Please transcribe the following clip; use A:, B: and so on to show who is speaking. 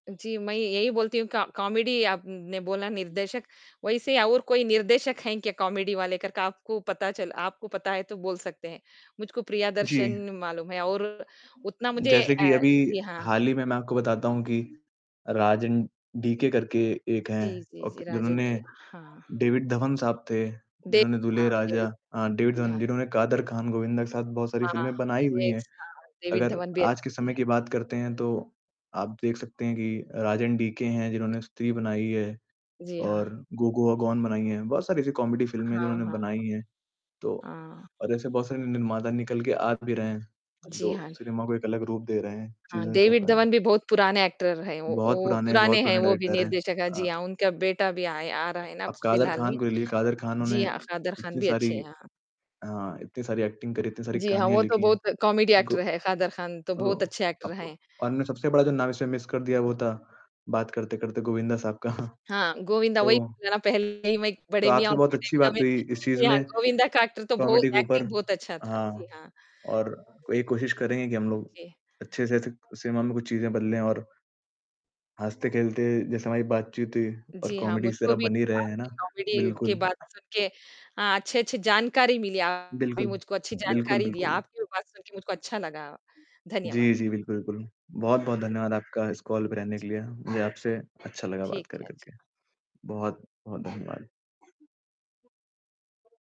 A: जी, मैं यही बोलती हूँ कॉ कॉमेडी आपने बोला निर्देशक, वैसे और कोई निर्देशक है क्या कॉमेडी वाले करके आपको पता चल आपको पता है तो बोल सकते हैं। मुझको
B: जी।
A: प्रियदर्शन मालूम है और उतना मुझे
B: जैसे कि
A: अ,
B: अभी
A: जी हाँ।
B: हाल ही में मैं आपको बताता हूँ कि राज एन डीके करके एक है
A: जी, जी,
B: अ,
A: जी,
B: के
A: राजन
B: जिन्होंने
A: की। हाँ।
B: डेविड धवन साहब थे,
A: दे
B: जिन्होंने दुल्हे
A: हाँ जी।
B: राजा अ, डेविड
A: जी,
B: धवन
A: हाँ।
B: जिन्होंने कादर ख़ान, गोविंदा के साथ बहुत सारी
A: हाँ,
B: फिल्में बनाई हुई
A: एक
B: है।
A: हाँ, डेविड
B: अगर
A: धवन भी
B: आज के
A: अच्छी
B: समय
A: है।
B: की बात करते है तो आप देख सकते है कि राज एन डीके हैं जिन्होंने स्त्री बनाई है
A: जी, हाँ।
B: और गो गोआ गॉन बनाई है। बहुत सारी ऐसी कॉमेडी फिल्में है
A: हाँ,
B: जिन्होंने
A: हाँ।
B: बनाई है, तो
A: हाँ।
B: और ऐसे बहुत सारे निर्माता निकल के आ भी रहे हैं,
A: जी,
B: जो
A: हाँ।
B: सिनेमा को एक अलग रूप दे रहे हैं,
A: हाँ,
B: चीज़ें कर
A: डेविड
B: रहे हैं।
A: धवन भी बहुत पुराने एक्टर है, वो
B: बहुत
A: वो
B: पुराने बहुत
A: पुराने हैं
B: पुराने
A: वो भी
B: डायरेक्टर है।
A: निर्देशक है। जी,
B: हाँ।
A: हाँ उनका बेटा भी आया आ रहा है ना अब
B: आप कादर
A: फ़िलहाल में।
B: ख़ान को ले ली कादर ख़ान ने
A: जी हाँ, कादर ख़ान
B: इतनी
A: भी
B: सारी
A: अच्छे हैं।
B: अ,
A: हाँ।
B: इतनी सारी एक्टिंग करी है, इतनी सारी
A: जी, हाँ
B: कहानियाँ
A: वो तो
B: लिखी है।
A: बहुत कॉमेडी
B: गो
A: एक्टर है, कादर ख़ान तो बहुत
B: अ,
A: अच्छे एक्टर
B: अब
A: है।
B: और सबसे बड़ा जो नाम इसमें मिस कर दिया, वो था बात करते-करते गोविंदा साहब का।
A: हाँ, गोविंदा
B: तो
A: वही ना पहले ही मैं
B: तो
A: बड़े मियाँ
B: आपसे
A: और
B: बहुत
A: छोटे
B: अच्छी
A: मियाँ में।
B: बात हुई इस चीज़
A: जी, हाँ
B: में,
A: गोविंदा का एक्टर तो
B: कॉमेडी के
A: बहुत
B: ऊपर।
A: एक्टिंग बहुत अच्छा था। जी,
B: हाँ,
A: हाँ।
B: और ये कोशिश करेंगे की हम लोग
A: जी।
B: अच्छे से स सिनेमा में कुछ चीज़ें बदले। और हँसते-खेलते जैसे हमारी बातचीत हुई और
A: जी, हाँ,
B: कॉमेडी इस
A: मुझको
B: तरह
A: भी
B: बन ही रहे है ना
A: आपकी कॉमेडी की
B: बिल्कुल।
A: बात सुनके अ, अच्छी-अच्छी जानकारी मिली, आपने भी
B: बिल्कुल।
A: मुझको अच्छी
B: बिल्कुल,
A: जानकारी दी।
B: बिल्कुल।
A: आपकी बात सुनके मुझको अच्छा लगा। धन्यवाद।
B: जी, जी। बिल्कुल, बिल्कुल, बहुत-बहुत
A: धन्यवाद।
B: धन्यवाद आपका इस कॉल पे रहने के लिए, मुझे आपसे अच्छा लगा बात
A: ठीक
B: कर
A: है,
B: कर के।
A: अच्छा।
B: बहुत-बहुत धन्यवाद।